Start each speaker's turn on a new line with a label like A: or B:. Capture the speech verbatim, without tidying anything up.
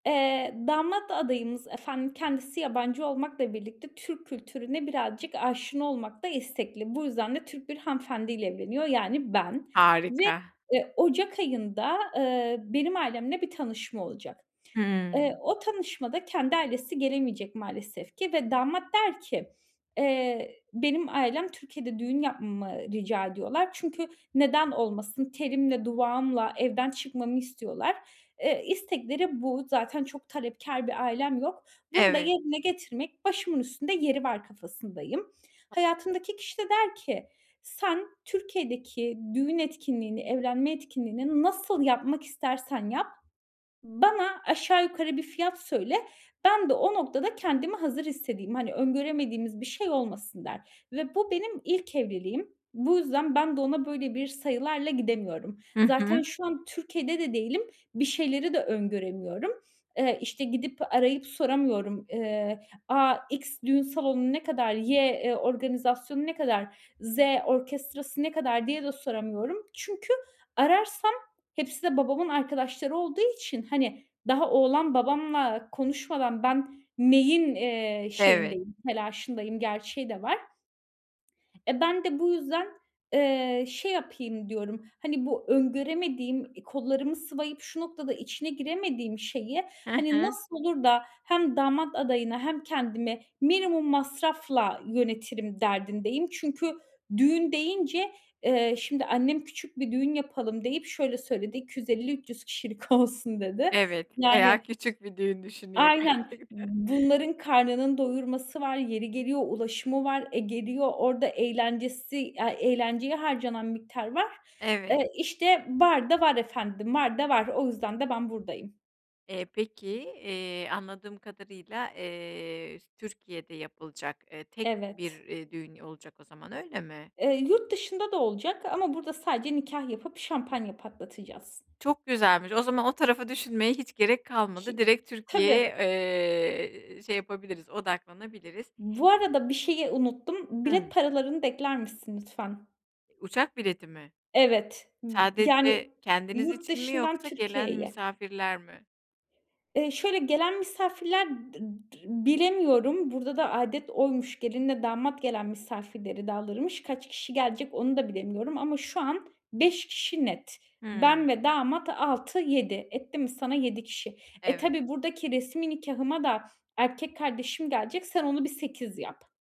A: Eee, damat adayımız efendim, kendisi yabancı olmakla birlikte Türk kültürüne birazcık aşina olmakta istekli. Bu yüzden de Türk bir hanımefendi ile evleniyor yani, ben. Ve,
B: Harika!
A: eee, ocak ayında, ııı, benim ailemle bir tanışma olacak. Eee,
B: Hımm.
A: o tanışmada kendi ailesi gelemeyecek maalesef ki ve damat der ki "Eee, benim ailem Türkiye'de düğün yapmamı ı rica ediyorlar çünkü neden olmasın, telimle duvağımla evden çıkmamı istiyorlar." Eee, istekleri bu; zaten çok talepkâr bir ailem yok. Bunu da
B: Evet.
A: yerine getirmek başımın üstünde yeri var kafasındayım. Hayatımdaki kişi de der ki "Sen Türkiye'deki düğün etkinliğini, evlenme etkinliğini nasıl yapmak istersen yap, bana aşağı yukarı bir fiyat söyle, ben de o noktada kendimi hazır hissedeyim. Hani, öngöremediğimiz bir şey olmasın." der. Ve bu benim ilk evliliğim. Bu yüzden ben de ona böyle bir sayılarla gidemiyorum.
B: Hı
A: Zaten
B: hı.
A: şu an Türkiye'de de değilim, bir şeyleri de öngöremiyorum. Eee, işte gidip, arayıp soramıyorum: "Eee, a, X düğün salonu ne kadar? Y, e organizasyonu ne kadar? Z orkestrası ne kadar?" diye de soramıyorum. Çünkü ararsam hepsi de babamın arkadaşları olduğu için, hani, daha oğlan babamla konuşmadan ben neyin, eee,
B: Evet.
A: şeyindeyim, telaşındayım gerçeği de var. E, ben de bu yüzden, eee, şey yapayım diyorum, hani, bu öngöremediğim, eee, kollarımı sıvayıp şu noktada içine giremediğim şeyi,
B: He
A: hani,
B: he.
A: nasıl olur da hem damat adayına hem kendimi minimum masrafla yönetirim derdindeyim. Çünkü düğün deyince, eee, şimdi annem küçük bir düğün yapalım deyip şöyle söyledi: "iki yüz elli üç yüz kişilik olsun" dedi.
B: Evet, bayağı
A: Yani
B: küçük bir düğün düşünüyor,
A: Aynen,
B: gerçekten.
A: bunların karnının doyurması var, yeri geliyor ulaşımı var, e, geliyor orada eğlencesi, aaa, eğlenceye harcanan miktar var.
B: Evet.
A: Eee, işte var da var efendim, var da var, o yüzden de ben buradayım.
B: Eee, peki, eee, anladığım kadarıyla, eee, s Türkiye'de yapılacak, eee, tek bir,
A: Evet.
B: eee, düğün olacak o zaman, öyle mi?
A: Eee, yurt dışında da olacak ama burada sadece nikâh yapıp şampanya patlatacağız.
B: Çok güzelmiş, o zaman o tarafı düşünmeye hiç gerek
A: Ş
B: kalmadı.
A: i
B: Direkt Türkiye'ye,
A: tabii.
B: eee, şey yapabiliriz, odaklanabiliriz.
A: Bu arada bir şeyi unuttum. Bilet
B: Hımm.
A: paralarını da ekler misin lütfen?
B: I uçak bileti mi?
A: Evet. I yani,
B: Sadece kendiniz
A: yurt
B: için mi
A: dışından
B: yoksa gelen
A: Türkiye'ye.
B: misafirler mi?
A: Eee, şöyle gelen misafirler dı dı bilemiyorum, burada da âdet oymuş, gelinle damat gelen misafirleri de alırmış. Kaç kişi gelecek onu da bilemiyorum ama şu an beş kişi net.
B: Hımm.
A: Ben ve damat altı yedi. Etti mi sana yedi kişi. E,
B: Evet.
A: tabii buradaki resmî nikâhıma da erkek kardeşim gelecek, sen onu bir sekiz yap.